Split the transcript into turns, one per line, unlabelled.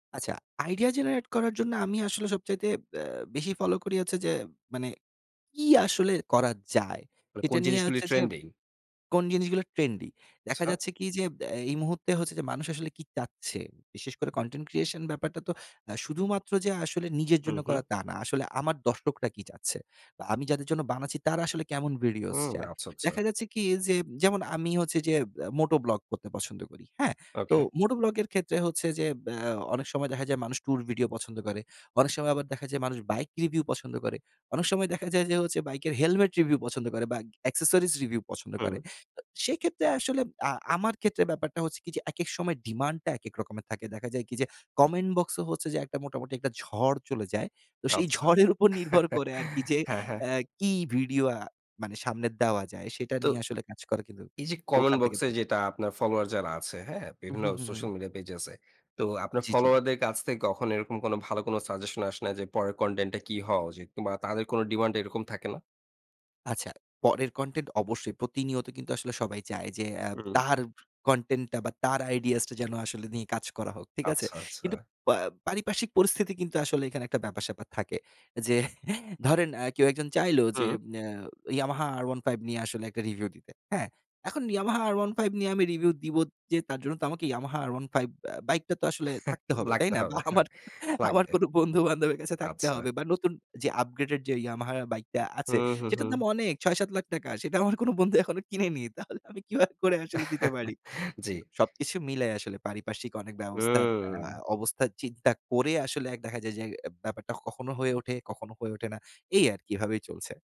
আচ্ছা, idea generate করার জন্য আমি আসলে সবচাইতে আ বেশি ফলো করি হচ্ছে যে মানে, কি আসলে করা যায়?
মানে
এটা
কোন
নিয়ে
জিনিসগুলি
হচ্ছে যে
ট্রেন্ডিং?
কোন জিনিসগুলো ট্রেন্ডি? দেখা
আচ্ছা।
যাচ্ছে কি? যে, এ এই মুহূর্তে হচ্ছে যে মানুষ আসলে কী চাচ্ছে? বিশেষ করে কনটেন্ট ক্রিয়েশন ব্যাপারটা তো অ্যা শুধুমাত্র যে আসলে নিজের
হু,
জন্য করা,
হু।
তা না। আসলে আমার দর্শকরা কী চাচ্ছে? তো আমি যাদের জন্য বানাচ্ছি, তারা আসলে কেমন ভিডিওস
হুম,
চায়।
আচ্ছা, আচ্ছা।
দেখা যাচ্ছে কি? যে যেমন, আমি হচ্ছে যে এ মোটো ব্লগ করতে পছন্দ করি। হ্যাঁ? তো
ওকে।
মোটো ব্লগ এর ক্ষেত্রে হচ্ছে যে, আ অনেক সময় দেখা যায় মানুষ টুর ভিডিও পছন্দ করে। অনেক সময় আবার দেখা যায় মানুষ বাইক রিভিউ পছন্দ করে। অনেক সময় দেখা যায় যে হচ্ছে, বাইকের হেলমেট রিভিউ পছন্দ করে বা অ্যাক্সেসরিজ রিভিউ পছন্দ করে।
হুম।
তো সেক্ষেত্রে আসলে আ আমার ক্ষেত্রে ব্যাপারটা হচ্ছে কি? যে, একেক সময় ডিমান্ড টা একেক রকমের থাকে। দেখা যায় কি? যে, কমেন্ট বক্স হচ্ছে যে মোটামুটি একটা ঝড় চলে যায়। তো সেই
আচ্ছা।
ঝড়ের উপর নির্ভর করে আরকি যে,
হ্যাঁ, হ্যাঁ।
অ্যা কি ভিডিও আ মানে সামনে দেওয়া যায়? সেটা
তো
নিয়ে আসলে কাজ করে কিন্তু
এই যে কমেন্ট
ওখান থেকে
বক্স এ
দেয়া
যেটা আপনার ফলোওয়ার যারা আছে, হ্যাঁ?
হু,
বিভিন্ন
হু, হু,
সোশ্যাল
হু।
মিডিয়া পেজেস এ। তো আপনার
জ্বি, জ্বি।
ফলোওয়ার দের কাছ থেকে কখনো এরকম কোনো, ভালো কোনো সাজেশন আসে না যে, পরের কনটেন্ট টা কি হওয়া উচিত কিংবা তাদের কোনো ডিমান্ড এরকম থাকে না?
আচ্ছা, পরের কনটেন্ট অবশ্যই, প্রতিনিয়ত কিন্তু আসলে সবাই চায় যে, আ
হুম।
তার কনটেন্ট টা বা তার আইডিয়াস টা যেন আসলে নিয়ে কাজ করা হোক। ঠিক আছে?
আচ্ছা, আচ্ছা।
কিন্তু পা পারিপার্শ্বিক পরিস্থিতি কিন্তু আসলে এখানে একটা ব্যাপার-স্যাপার থাকে। যে ধরেন আ কেউ একজন চাইল যে,
হুম।
ইম অ্যা Yamaha R15 নিয়ে আসলে একটা রিভিউ দিতে। হ্যাঁ? এখন Yamaha R15 নিয়ে আমি রিভিউ দিব যে, তার জন্য তো আমাকে Yamaha R15 ব্য বাইকটা তো আসলে থাকতে হবে, তাই
লাগতে
না? বা
হবে।
আমার,
হ্যাঁ।
আমার
লাগবে।
কোনো বন্ধুবান্ধবের কাছে থাকতে
আচ্ছা।
হবে বা নতুন যে আপগ্রেডেড যে Yamaha বাইকটা
হু,
আছে,
হু,
সেটার দাম
হু।
অনেক! ৬-৭ লাখ টাকা। সেটা আমার কোনো বন্ধু এখনো কিনেনি। তাহলে আমি কিভাবে করে আসলে দিতে পারি?
জ্বি।
সবকিছু মিলে আসলে, পারিপার্শ্বিক অনেক ব্যবস্থা, আ
হুম।
অবস্থার চিন্তা করে আসলে এক দেখা যায় যে এ ব্যাপারটা কখনো হয়ে ওঠে, কখনো হয়ে ওঠে না। এই আরকি, এভাবেই চলছে।